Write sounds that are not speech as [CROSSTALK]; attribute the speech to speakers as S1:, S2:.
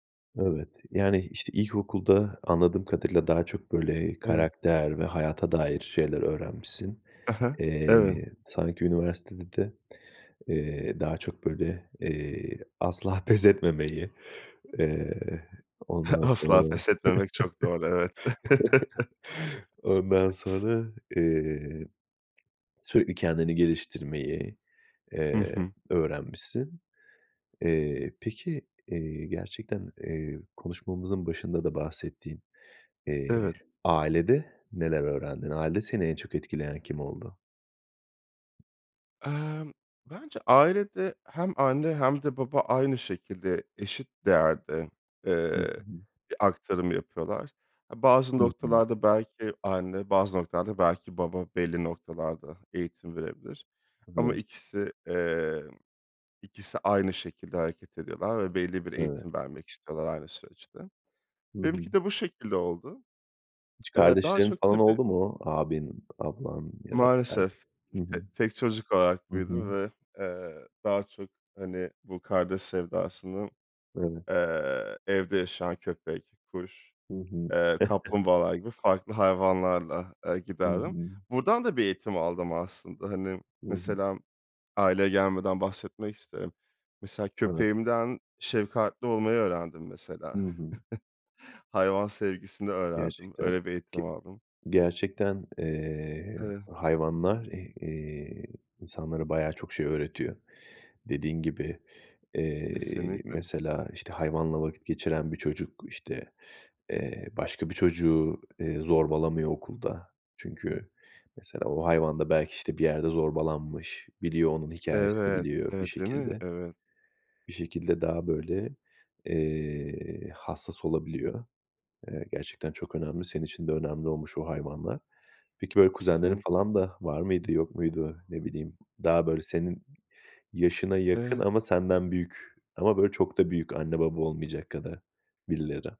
S1: Evet, yani, işte, ilkokulda anladığım kadarıyla daha çok, böyle,
S2: Eve
S1: karakter ve hayata dair şeyler öğrenmişsin.
S2: Hı hı. Eve
S1: Eee, sanki üniversitede de, eee, daha çok, böyle, eee, asla pes etmemeyi, eee,
S2: [CHUCKLES]
S1: ondan
S2: Asla.
S1: sonra,
S2: Pes etmemek çok doğru, evet. [CHUCKLES]
S1: [CHUCKLES] ondan sonra, eee, sürekli kendini geliştirmeyi,
S2: Hı
S1: eee,
S2: hı.
S1: öğrenmişsin. Eee, peki, eee, gerçekten, eee, konuşmamızın başında da bahsettiğin, eee,
S2: Evet.
S1: ailede neler öğrendin? Ailede seni en çok etkileyen kim oldu?
S2: Emm, bence ailede hem anne hem de baba aynı şekilde eşit değerde,
S1: Hı, ı
S2: eee,
S1: hı.
S2: bir aktarım yapıyorlar. A, bazı
S1: Hı hı.
S2: noktalarda belki anne, bazı noktalarda belki baba belli noktalarda eğitim verebilir ama
S1: Evet.
S2: ikisi, emm, ikisi aynı şekilde hareket ediyorlar ve belli bir
S1: Eve
S2: eğitim vermek istiyorlar aynı süreçte.
S1: Hı hı.
S2: Benimki de bu şekilde oldu.
S1: Hiç
S2: Eee, daha
S1: kardeşlerin
S2: çok
S1: falan
S2: tabii
S1: oldu mu? Abin, ablan ya da kard
S2: Maalesef.
S1: Hı hı.
S2: T tek çocuk olarak
S1: Hı hı.
S2: büyüdüm ve, eee, daha çok, hani, bu kardeş sevdasını,
S1: Eve
S2: eee, evde yaşayan köpek, kuş,
S1: Hı hı.
S2: eee,
S1: [CHUCKLES]
S2: kaplumbağalar gibi farklı hayvanlarla, eee,
S1: Hı
S2: giderdim.
S1: hı.
S2: Buradan da bir eğitim aldım aslında. Hani,
S1: Hı hı.
S2: mesela aileye gelmeden bahsetmek isterim. Mesela
S1: Eve
S2: köpeğimden şefkatli olmayı öğrendim,
S1: Hı
S2: mesela.
S1: hı.
S2: [CHUCKLES] Hayvan sevgisini öğrendim,
S1: Gerçekten
S2: öyle bir eğitim
S1: ki
S2: aldım.
S1: gerçekten, eee,
S2: Eve
S1: hayvanlar, eh eee, insanlara bayağı çok şey öğretiyor. Dediğin gibi, eee,
S2: Kesinlikle.
S1: mesela, işte, hayvanla vakit geçiren bir çocuk, işte, eee, başka bir çocuğu, eee, zorbalamıyor okulda. Çünkü mesela o hayvan da belki, işte, bir yerde zorbalanmış. Biliyor, onun hikâyesini
S2: Evet,
S1: biliyor bir
S2: evet, değil mi?
S1: şekilde.
S2: Evet.
S1: Bir şekilde daha, böyle, eee, hassas olabiliyor. Eee, gerçekten çok önemli, senin için de önemli olmuş o hayvanlar. Peki, böyle, kuzenlerin
S2: Kesinlikle.
S1: falan da var mıydı, yok muydu? Ne bileyim, daha, böyle, senin yaşına yakın
S2: E.
S1: ama senden büyük ama böyle çok da büyük anne baba olmayacak kadar birileri.